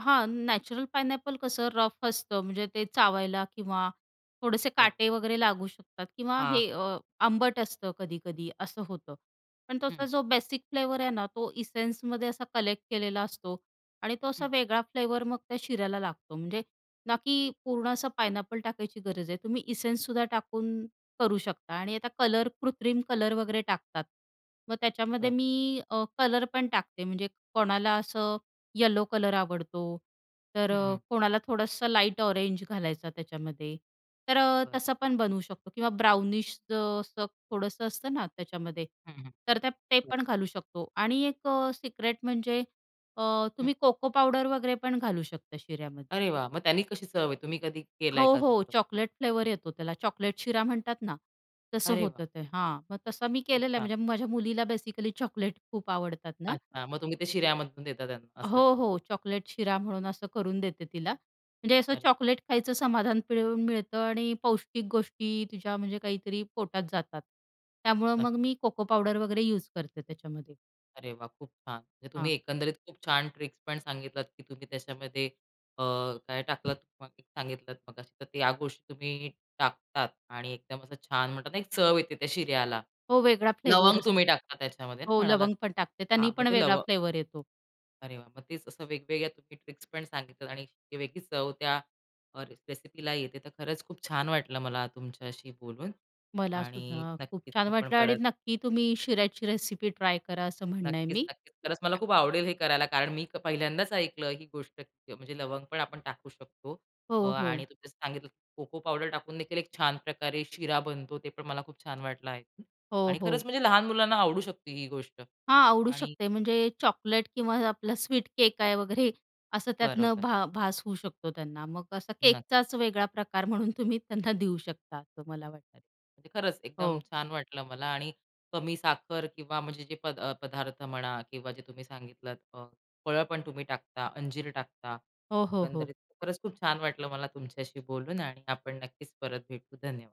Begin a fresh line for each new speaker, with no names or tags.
हां, natural pineapple कसं rough असतं, म्हणजे ते चावायला किंवा थोडेसे
बरं.
काटे वगैरे लागू शकतात किंवा
हां.
हे अ, आंबट असतं कधी-कधी असं होतं, पण त्याचा
हं.
जो बेसिक फ्लेवर आहे ना, तो एसेन्समध्ये असा कलेक्ट केलेला असतो आणि तो असा
हं.
वेगळा फ्लेवर मग त्या शिऱ्याला लागतो, म्हणजे ना, की पूर्ण असं पायनॅपल टाकायची गरज आहे, तुम्ही एसेन्स सुद्धा टाकून करू शकता आणि आता कलर कृत्रिम कलर वगैरे टाकतात मग त्याच्यामध्ये
बरं.
मी अ, कलर पण टाकते, म्हणजे कोणाला असं येलो कलर आवडतो तर
हं,
अ,
हं.
कोणाला थोडंसं लाईट ऑरेंज घालायचं त्याच्यामध्ये, तर अ,
बरं.
तसं पण बनवू शकतो किंवा ब्राउनिश असं थोडंसं असतं ना, त्याच्यामध्ये
हं, हं.
तर त्या ते
बरं.
पण घालू शकतो आणि एक अ, सिक्रेट म्हणजे अ,
हं.
तुम्ही कोको पावडर वगैरे पण घालू शकता शिऱ्यामध्ये.
अरे वाह! मग त्यांनी कशी चव येते, तुम्ही कधी
हो,
केलाय का
हो,
तसं?
चॉकलेट फ्लेवर येतो त्याला चॉकलेट शिरा म्हणतात ना, तसं
अरे वाह!
होतं ते, हां. मग तसा मी
खूप
केलेलं
छान.
म्हणजे माझ्या मुलीला बेसिकली चॉकलेट खूप आवडतात ना
अच्छा मग तुम्ही ते शिऱ्यामधून देता त्यांना असं आहे.
हो, हो. चॉकलेट शिरा म्हणून असं करून देते तिला. म्हणजे असं
अरे
चॉकलेट
छान.
खायचं समाधान मिळून मिळतं आणि पौष्टिक गोष्टी तुझ्या म्हणजे काहीतरी पोटात जातात. त्यामुळे मग मी कोको पावडर वगैरे युज करते त्याच्यामध्ये.
अरे वाह! खूप छान. म्हणजे
हां.
तुम्ही एकंदरीत खूप छान ट्रिक्स पण सांगितलात की तुम्ही त्याच्यामध्ये अ, काय टाकलंत, [unintelligible] सांगितलंत मगाशी तर या गोष्टी तुम्ही टाकतात आणि एकदम असं छान म्हणतात ना, एक चव येते त्या शिऱ्याला.
हो वेगळा फ्लेवर
लवंग
असतो.
तुम्ही टाकता त्याच्यामध्ये
हो,
म्हणालात.
लवंग पण टाकते त्यानी
हां, मग
पण
ते
वेगळा
लवंग
फ्लेवर येतो.
अरे वाह! मग तेच असं वेगवेगळ्या तुम्ही ट्रिक्स पण सांगितलं आणि ती वेगळीच चव त्या अ, रेसिपीला येते तर खरंच खूप छान वाटलं मला तुमच्याशी बोलून
मला
आणि
सुद्धा खूप
नक्कीच
छान
आपण
वाटलं आणि
परत
नक्की तुम्ही शिऱ्याची रेसिपी ट्राय करा असं म्हणणं आहे
नक्कीच,
मी.
नक्कीच. खरंच मला खूप आवडेल हे करायला. कारण मी पहिल्यांदाच ऐकलं ही गोष्ट म्हणजे लवंग पण आपण टाकू शकतो. अ,
हो,
आणि
हो.
तुम्ही सांगितलं कोको पावडर टाकूनदेखील एक छान प्रकारे शिरा बनतो. ते पण मला खूप छान वाटलं एकूण
हो,
आणि
हो.
खरंच म्हणजे लहान मुलांना आवडू शकते ही गोष्ट
हां, आवडू
आणि
शकते म्हणजे चॉकलेट किंवा आपला स्वीट केक आहे वगैरे असं त्यातनं
बरोबर.
भा भास होऊ शकतो त्यांना मग असा
नक
केकचाच वेगळा प्रकार म्हणून तुम्ही त्यांना देऊ शकता असं मला वाटतं.
अरे, खरंच एकदम
हो.
छान वाटलं मला आणि कमी साखर किंवा म्हणजे जे प अ, पदार्थ म्हणा किंवा जे तुम्ही सांगितलंत अ, फळं पण तुम्ही टाकता, अंजीर टाकता.
हो, हो, हो.
एकंदरीत खरंच खूप छान वाटलं मला तुमच्याशी बोलून आणि आपण नक्कीच परत भेटू धन्यवाद.